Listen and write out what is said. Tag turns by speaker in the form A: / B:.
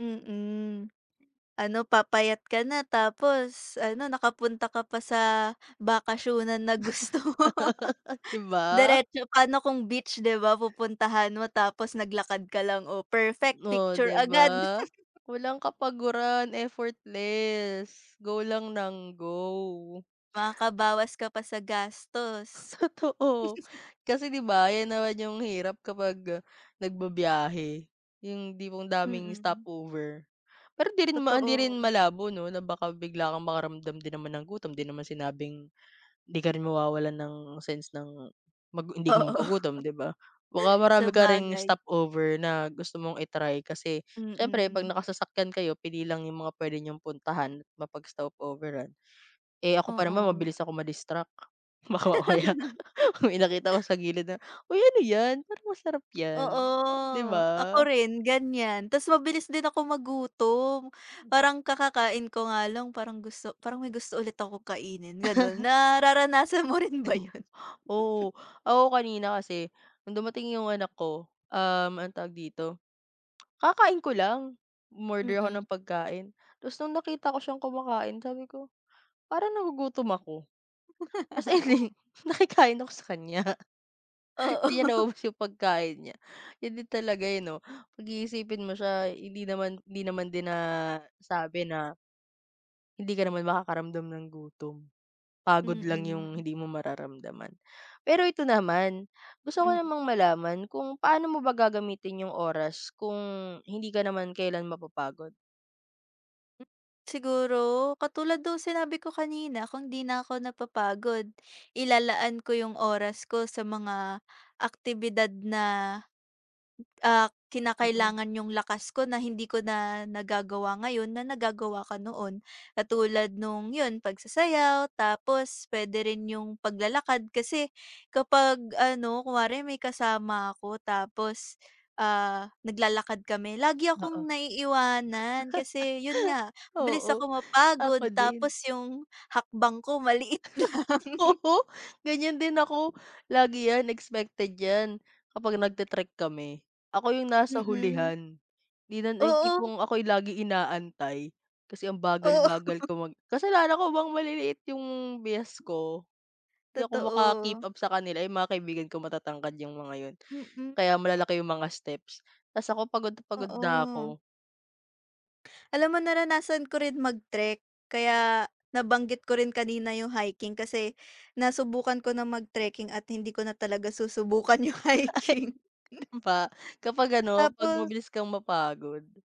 A: Mm, ano papayat ka na tapos, ano nakapunta ka pa sa bakasyunan na gusto mo.
B: 'Di ba.
A: Diretso, pa no kung beach 'di ba pupuntahan mo tapos naglakad ka lang, o perfect,
B: Oh
A: picture
B: 'di
A: agad.
B: ba. Walang kapaguran, effortless, go lang nang go.
A: Makakabawas ka pa sa gastos.
B: Totoo, kasi 'di ba yan naman yung hirap kapag nagbibiyahe, yung hindi mo ang daming stop
A: Mm.
B: over. Pero hindi rin hindi rin
A: Totoo.
B: malabo 'no na baka bigla kang makaramdam din naman ng gutom, 'di naman sinabing hindi ka rin mawawalan ng sense ng mag hindi ka
A: Oo.
B: magugutom 'di ba. Baka marami ka ring
A: Sabagay.
B: stop over na gusto mong i-try, kasi siyempre pag
A: Mm.
B: nakasasakyan kayo pili lang yung mga puwede niyong puntahan, at mapag-stop overan. Eh, ako pa naman,
A: Oo.
B: mabilis ako ma-distract, baka mamaya may nakita ako sa gilid na, uy ano yan parang masarap yan
A: Oo,
B: 'di
A: ako
B: ba.
A: rin ganyan. Ta's mabilis din akong magutom, parang kakakain ko nga lang parang gusto parang may gusto ulit akong kainin, ganun. Nararanasan mo rin ba yun?
B: Oo. Ako kanina kasi, nung dumating 'yong anak ko, um, anong tawag dito, kakakain ko lang, um-order ako ng
A: Mm.
B: pagkain. Tapos nung nakita ko siyang kumakain, sabi ko, parang nagugutom ako, ta's ayan nakikain ako sa kanya. Hindi niya
A: Oo.
B: naubos 'yong pagkain niya, yun din talaga eh 'no. Pag-iisipin mo siya, hindi naman hindi naman din na sabi na Hindi ka naman makakaramdam ng gutom, pagod lang yung
A: Mm.
B: hindi mo mararamdaman. Pero eto naman, gusto ko
A: Mm.
B: namang malaman, kung paano mo ba gagamitin yung oras kung hindi ka naman kelan mapapagod?
A: Siguro, katulad nung sinabi ko kanina, kung 'di na ko napapagod, ilalaan ko 'yung oras ko sa mga aktibidad na, ah,
B: Oo.
A: kinakailangan 'yung lakas ko na hindi ko na nagagawa ngayon na nagagawa ko noon. Katulad nung, 'yun pagsasayaw, tapos puwede rin 'yung paglalakad. Kasi kapag ano kunwari may kasama ako tapos, ah, naglalakad kami, lagi
B: Oo.
A: akong naiiwanan. Kasi 'yun nga, mabilis
B: Oo,
A: ako
B: ako
A: mapagod,
B: din.
A: tapos yung hakbang ko maliit lang.
B: Oo, ganyan din ako, lagi yan, expected yan. Kapag nag-te-trek kami, ako yung nasa
A: Mm.
B: hulihan, hindi na, yung
A: Oo.
B: tipong ako yung laging inaantay, kasi ang
A: Oo.
B: bagal-bagal ko mag kasalanan ko bang maliliit yung biyas ko, di ako
A: Totoo.
B: maka-keep-up sa kanila. Yung mga kaibigan ko matatangkad yung mga yun,
A: Mm.
B: kaya malalaki yung mga steps, ta's ako pagod na pagod na
A: Oo.
B: ako.
A: Alam mo naranasan ko rin mag trek, kaya nabanggit ko rin kanina yung hiking, kasi nasubukan ko na mag trekking at hindi ko na talaga susubukan yung hiking.
B: Dun pa, kapag ano, pag
A: Tapos
B: mabilis kang mapagod.